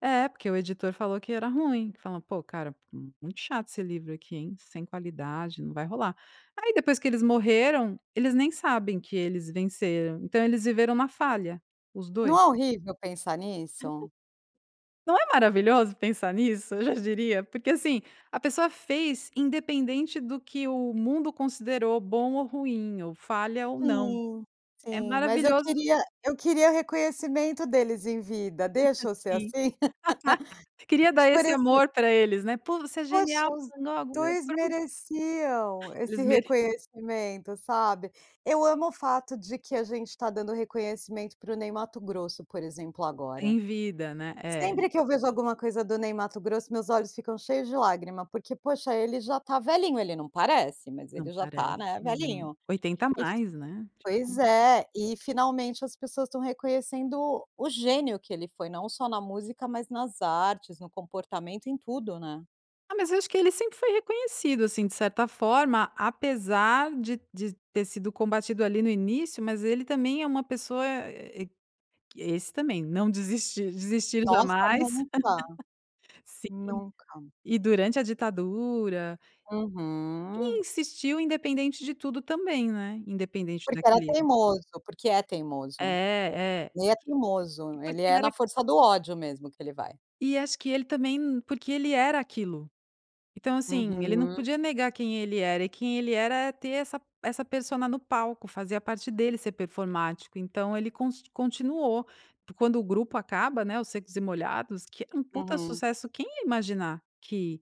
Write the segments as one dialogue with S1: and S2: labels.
S1: É, porque o editor falou que era ruim. Fala: "Pô, cara, muito chato esse livro aqui, hein, sem qualidade, não vai rolar". Aí depois que eles morreram, eles nem sabem que eles venceram, então eles viveram na falha, os 2.
S2: Não é horrível pensar nisso?
S1: Não é maravilhoso pensar nisso, eu já diria. Porque, assim, a pessoa fez independente do que o mundo considerou bom ou ruim, ou falha ou não.
S2: Sim,
S1: É
S2: sim, mas eu
S1: maravilhoso
S2: queria eu queria reconhecimento deles em vida. Deixa eu ser
S1: Sim.
S2: assim?
S1: Queria dar
S2: Por
S1: esse
S2: exem
S1: amor pra eles, né. "Pô, você é genial"
S2: Poxa, os 2
S1: [unintelligible]
S2: mereciam esse
S1: Eles mere
S2: reconhecimento, sabe. Eu amo o fato de que a gente tá dando reconhecimento para o Ney Matogrosso, por exemplo agora.
S1: Em vida, né, é.
S2: Sempre que eu vejo alguma coisa do Ney Matogrosso meus olhos ficam cheios de lágrima, porque, poxa, ele já tá velhinho, ele não parece, mas
S1: Não
S2: ele já tá,
S1: parece,
S2: né,
S1: mas é
S2: velhinho.
S1: 80
S2: E
S1: mais, né,
S2: pois
S1: tipo
S2: é, e finalmente as pessoas estão reconhecendo o gênio que ele foi não só na música, mas nas artes, no comportamento, em tudo, né.
S1: Ah, mas eu acho que ele sempre foi reconhecido, assim, de certa forma apesar de de ter sido combatido ali no início, mas ele também é uma pessoa e esse também "Não desistir, desistir
S2: Nossa.
S1: jamais".
S2: Nunca.
S1: Sim,
S2: Nunca.
S1: e durante a ditadura E
S2: Uhum.
S1: insistiu independente de tudo também, né. Independente
S2: Porque era
S1: daquele
S2: teimoso, porque é
S1: É,
S2: teimoso.
S1: é
S2: Ele é
S1: porque e
S2: teimoso, ele
S1: porque
S2: é na
S1: era
S2: força do ódio mesmo que ele vai.
S1: E acho que ele também n porque ele era aquilo. Então, assim, ele não
S2: Uhum.
S1: podia negar quem ele era, e quem ele era é ter essa essa persona no palco, fazia parte dele ser performático. Então ele const continuou porque quando o grupo acaba né, os Secos e Molhados, que é um puta
S2: Uhum.
S1: sucesso, quem ia imaginar que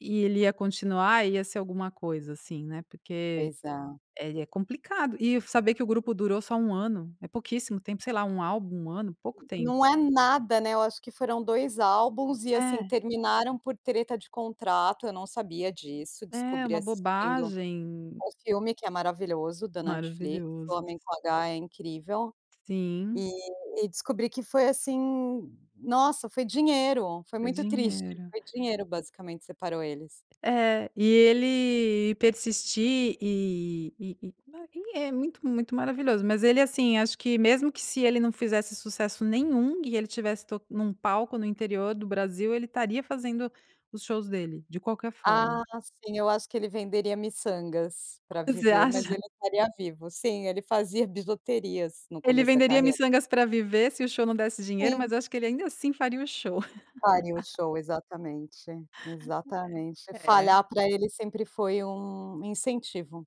S1: ia ele ia continuar, ia ser alguma coisa assim, né. Porque
S2: Pois é.
S1: ele é complicado e saber que o grupo durou só 1 ano, é pouquíssimo tempo, sei lá, 1 álbum, 1 ano, pouco tempo.
S2: Não é nada, né, eu acho que foram 2 álbuns e, assim,
S1: É.
S2: terminaram por treta de contrato. Eu não sabia disso,
S1: É,
S2: descobri
S1: uma
S2: assistindo
S1: bobagem.
S2: um filme que é maravilhoso da Netflix, O
S1: Maravilhoso.
S2: Homem com H, é incrível.
S1: Sim.
S2: E e descobri que foi assim, nossa, foi dinheiro, foi
S1: Foi
S2: muito triste,
S1: dinheiro.
S2: foi dinheiro basicamente separou eles.
S1: É e ele persistir e e e, ah, ele é muito, muito maravilhoso, mas ele, assim, acho que mesmo que se ele não fizesse sucesso nenhum e ele tivesse to num palco no interior do Brasil ele estaria fazendo os shows dele de qualquer forma.
S2: Ah, sim. Eu acho que ele venderia miçangas pra
S1: Você
S2: viver, mas
S1: acha?
S2: ele estaria vivo sim, ele fazia bijuterias no
S1: Ele
S2: começo da
S1: venderia
S2: carreira.
S1: miçangas pra viver se o show não desse dinheiro,
S2: Sim.
S1: mas acho que ele ainda assim faria o show.
S2: Faria o show. Exatamente, exatamente.
S1: É,
S2: Falhar
S1: é.
S2: pra ele sempre foi um incentivo.